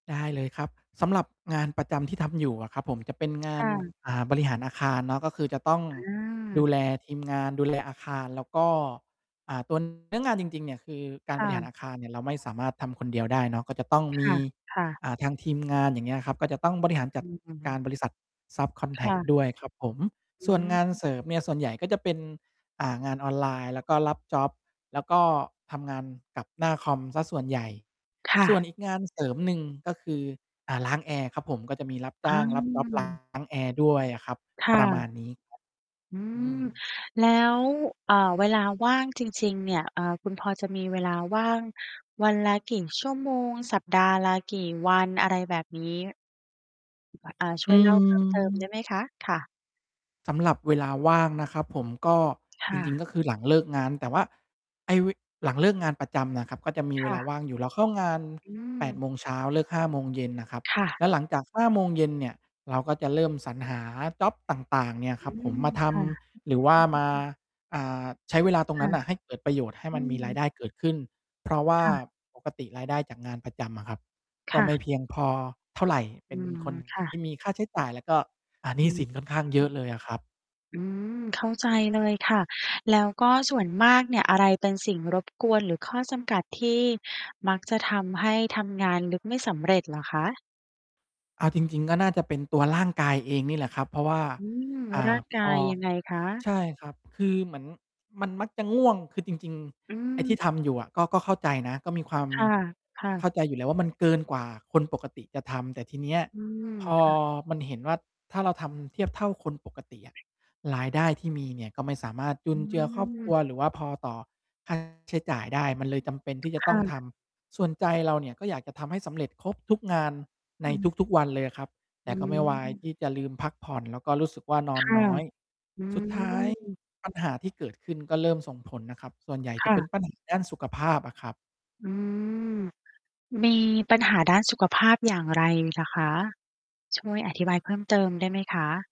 ได้เลยครับ สำหรับงานประจำที่ทำอยู่อะครับผม จะเป็นงาคน ่ะ อ่า บริหารอาคารเนาะ ก็คือจะต้องอดูา แลทีม งาน ดูแลอาคาร แล้วก็ อ่า ตัว เนื้องานจริง ๆ เนี่ย คือกคารบ่ริหาะ รอาคารเนี่ย เราไม่สามารถทำคนเดียวได้เนาะ ก็จะต้องคมี ่ะ ๆ อ่า ทางทีม งาน อย่างเงี้ยครับ ก็จะต้องบริหารจัอืดอ อือฮกึ ารบริษัท ซับคอนแคทร่ก ะ ด้วยครับผม อสื่วนงานม เสริมเนี่ย ส่วนใหญ่ก็จะเป็น อ่า งานออนไลน์ แล้วก็รับจ็อบ แล้วก็ทำงานกับหน้าคอมเสียส่วนใหญ่ ค่ส่วนะ อีกงานเสริมหนึ่ง ก็คือ อ่า ล้างแอร์ครับผม ก็จะมีรับจอ้าง รับจ็อบ ล้า าง แอร์ด้วยอะครับ คป่ระมะ าณนี้ ครับ อือืม ม แล้ว อ่า เวลาว่างจริง ๆ เนี่ย อ่า คุณพอจะมีเวลาว่างวันละกี่ชั่วโมง สัปดาห์ละกี่วันอะไรแบบนี้? อา ชอื่วยเล่าเพิ่มเติม ได้ม ไหมคะ? ค่ะ สำหรับเวลาว่างนะครับผม ก็คจ่ริง ะ ๆ ก็คือหลังเลิกงาน แต่ว่า ไอ้ ว หลังเลิกงานประจำน่ะครับ ก็จะมีคเว่ลาะ ว่างอยู่ เราเข้างาน อื8 ม โมงเช้า เลิก 5 โมงเย็นน่ะครับ ค่แะ ล้วหลังจาก 5 โมงเย็นเนี่ย เราก็จะเริ่มสรรหาจ็อบต่าง ๆ เนี่ยอคืรับผม ม มาทค่ะ ำ หรือว่อา ืมา ม อ่า ใช้เวลาตรคงนั่้ะ นน่ะ ให้เกิดประโยชน์ ให้อมืันมีรายม ได้เกิดขึ้น เพราะว่า ค่ะ ปกติ รายได้จากงานประจำอะครับ คก็่ไมะ ่เพียงพอเท่าไร เปอ็ืน ม คน ค่ะ ที่มีค่าใช้จ่าย แล้วก็ อ่า หนีอ้ืสิม นค่อนข้างเยอะเลยอะครับ อืม เข้าใจเลยค่ะ แล้วก็ส่วนมากเนี่ย อะไรเป็นสิ่งรบกวน หรือข้อจำกัด ที่มักจะทำให้ทำงานลึกไม่สำเร็จ เหรอคะ? เอาจริง ๆ ก็น่าจะเป็นตัวร่างกายเองนี่แหละครับ เพราะว่า อืม อ่ร่า างกพาอ ยยังไงคะ? ใช่ครับ คือเหมือนมันมักจะง่วง คือจริง อืๆ ไอ้ที่ม ทำอยู่อะ ก็ ก็เข้าใจนะ ก็มีความค่ะ ค่เะ ข้าใจอยู่แล้วว่า มันเกินกว่าคนปกติจะทำ แต่ทีเนี้ย อืม พอค่ะ มันเห็นว่า ถ้าเราทำเทียบเท่า คนปกติอะ รายได้ที่มีเนี่ย ก็ไม่สามารถจุอนืเจือครอบครัม ว หรือว่าพอต่อ ค่า ใช้จ่ายได้ มันเลยจำเป็นที่จะคต้่องทะ ำ ส่วนใจเราเนี่ย ก็อยากจะทำให้สำเร็จครบทุกงานใอนืม ทุก ๆ วันเลยอะครับ แอตื่ก็ไม่วายม ที่จะลืมพักผ่อน แล้วก็รู้สึกว่านอคน่ะ น้อย อืสุดท้ายม ปัญหาที่เกิดขึ้น ก็เริ่มส่งผลนะครับ ส่วนใหญ่คจะ่เป็ะ น ปัญหา ด้านสุขภาพอะครับ อืม มีปัญหาด้านสุขภาพอย่างไรเหรอคะ ช่วยอธิบายเพิ่มเติมได้ไหมคะ?